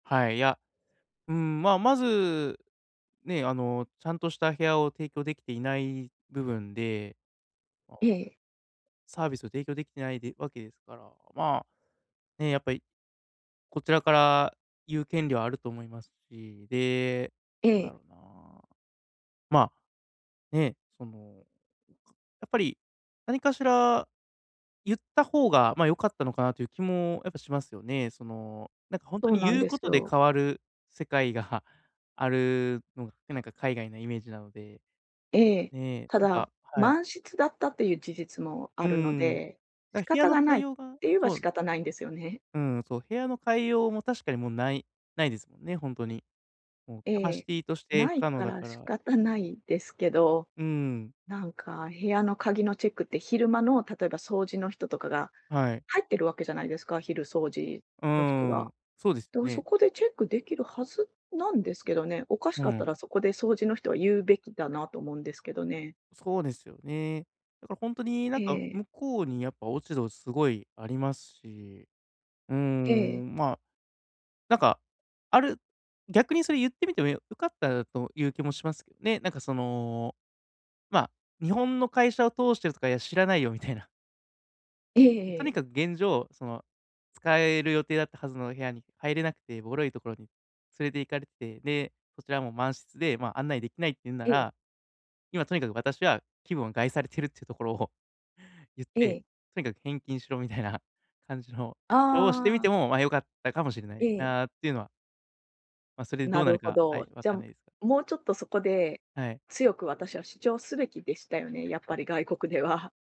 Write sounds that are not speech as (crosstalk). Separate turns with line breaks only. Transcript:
はい、いや、うーん、ま、まず、ね、あの、ちゃんとした部屋を提供できていない部分で。ああ。
ええ。
サービスを提供できてないでわけですから、ま、ね、やっぱりこちらから言う権利はあると思いますし、で、
え
どうだ
え。
ろうな。ま、ね、その、やっぱり、何かしら、ゆった方がま、良かったのかなという気もやっぱしますよね。その、なんかほんと
そう
に
なん
ゆう
で
こ
す
とで
よ。
変わる世界があるのが、なんか海外のイメージなので、
ええ。
ね、
た
なん
だ、
かはい。
満室だったという事実もあ
うー
るの
ん、
で、
だ
仕
部屋
方
の
が
替
ない
え
って
ようが
言えば
そ
仕
う。
方ないんですよね。
うーん、そう、部屋の替えようも確かにもうないないですもんね、ほんとに。もう
え
キャパシ
え、
ティとして
な
不
い
可能
か
だ
ら
か
仕
ら。
方ないですけど。
うーん。
なんか部屋の鍵のチェックって、昼間の例えば掃除の人とかが
はい。
入ってるわけじゃないですか、昼掃除
うー
の人が。
ん、そうです
で
よ
もそ
ね。
こで、チェックできるはずなんですけどね、おかし
う
かった
ん。
らそこで掃除の人は言うべきだなと思うんですけどね。
そうですよね。だからほんとになん
え
か、
え。
向こうにやっぱ落ち度すごいありますし、うー
ええ。
ん、ま、なんか、ある逆にそれ言ってみても、よかったという気もしますけどね。なんかその、ま、日本の会社を通してとか、いや、知らないよみたいな。
ええ
と
え
に
え。
かく現状その使える予定だったはずの部屋に入れなくて、ボロいところに連れて行かれてて、で、そちらも満室で、ま、案内できないってゆんな
ええ。
ら、今とにかく私は気分を害されているっていうところを言っ
え
て、
え。
とにかく返金しろみたいな感じの、希望してみ
あ
て
あ。
もま、良かったかもしれな
え
い
え。
なっていうのはま、それでど
な
うなる
るほ
か、はい、
ど。
わ
じゃ、
かんないですが。
もうちょっとそこで
はい。
強く私は主張すべきでしたよね。やっぱ
(unintelligible)
り外国では。